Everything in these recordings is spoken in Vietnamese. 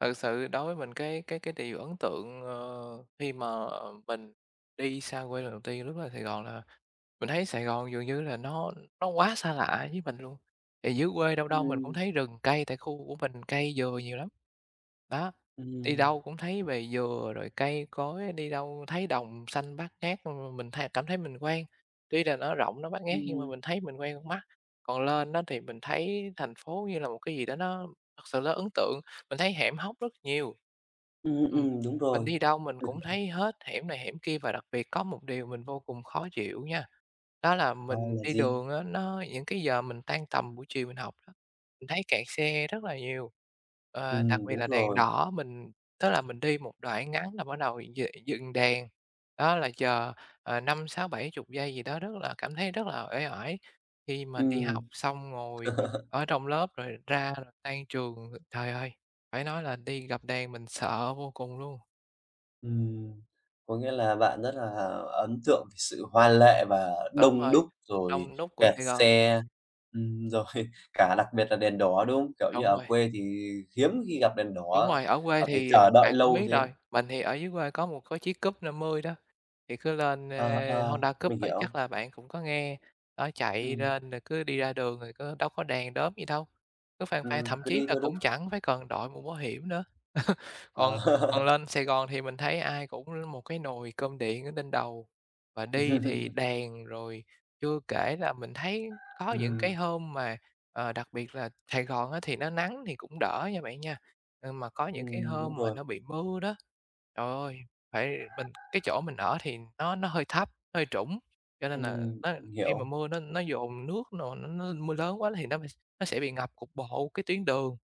Thật sự đối với mình cái cái cái điều ấn tượng, ờ, khi mà, ờ, mình đi xa quê lần đầu tiên, lúc lên Sài Gòn là mình thấy Sài Gòn dường như là nó nó quá xa lạ với mình luôn. Thì dưới quê đâu đâu mình cũng Ừm. thấy rừng cây tại khu của mình cây dừa nhiều lắm. Đó, đi Ừm. đâu cũng thấy về dừa rồi cây cối, đi đâu thấy đồng xanh bát ngát, ừm, mình th cảm thấy mình quen. Tuy là nó rộng, nó bát ngát nhưng mà Ừm. mình thấy mình quen con mắt. Còn lên á thì mình thấy thành phố như là một cái gì đó nó thật sự là ấn tượng, mình thấy hẻm hóc rất nhiều. Ừm, Ừm, ừm, đúng mình rồi. đi đâu mình cũng thấy hết hẻm này hẻm kia và đặc biệt có một điều mình vô cùng khó chịu nha. Đó là Ờ, mình là đi gì? đường á nó những cái giờ mình tan tầm buổi chiều mình học đó, mình thấy kẹt xe rất là nhiều, ờ, đặc Ừm, biệt đúng là đèn rồi. đỏ mình tức là mình đi một đoạn ngắn là bắt đầu d dừng đèn. Đó là chờ, ờ, 5-6-70 giây gì đó rất là cảm thấy rất là uể oải khi mà đi học Ừm. xong ngồi ở trong lớp rồi ra tan trường. Thời ơi, phải nói là đi gặp đèn mình sợ vô cùng luôn. Ừm. Có nghĩa là bạn rất là ấn tượng sự hoa lệ và Đúng đông rồi, đúc rồi đông đúc của kẹt Sài Gòn. xe, ừm, rồi cả đặc biệt là đèn đỏ, đúng không? Kiểu như, Đúng ở rồi. quê thì hiếm khi gặp đèn Đúng đỏ rồi, ở quê và phải thì chờ đợi bạn cũng lâu biết thế. rồi. Mình thì ở dưới quê có 1 cái chiếc Cub 50 đó, thì cứ lên, Ờ, ơ, ờ, Honda Cub mình á chắc hiểu. là bạn cũng có nghe, đó chạy Ừm. lên rồi cứ đi ra đường rồi có đâu có đèn đóm gì đâu, cứ phang phang, Ừm, thậm cứ chí đi là theo đúng cũng chẳng phải cần đội mũ bảo hiểm nữa. Còn Ờ. còn lên Sài Gòn thì mình thấy ai cũng một cái nồi cơm điện ở trên đầu. Và đi thì đèn rồi chưa kể là mình thấy có những cái Ừm. hôm mà, ờ, đặc biệt là Sài Gòn á thì nó nắng thì cũng đỡ nha bạn nha, nhưng mà có những cái Ừm, đúng hôm mà rồi. nó bị mưa đó. Trời ơi, phải mình cái chỗ mình ở thì nó nó hơi thấp, hơi trũng, cho nên là Ừm, nó mình khi mà hiểu. mưa nó nó dồn nước n nó nó mưa lớn quá thì nó b nó sẽ bị ngập cục bộ cái tuyến đường.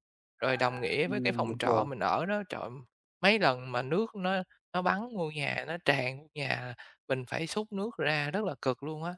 Rồi đồng nghĩa với cái Ừm, phòng đúng trọ rồi. mình ở đó, trời, mấy lần mà nước nó nó bắn vô nhà, nó tràn vô nhà, mình phải xúc nước ra rất là cực luôn á.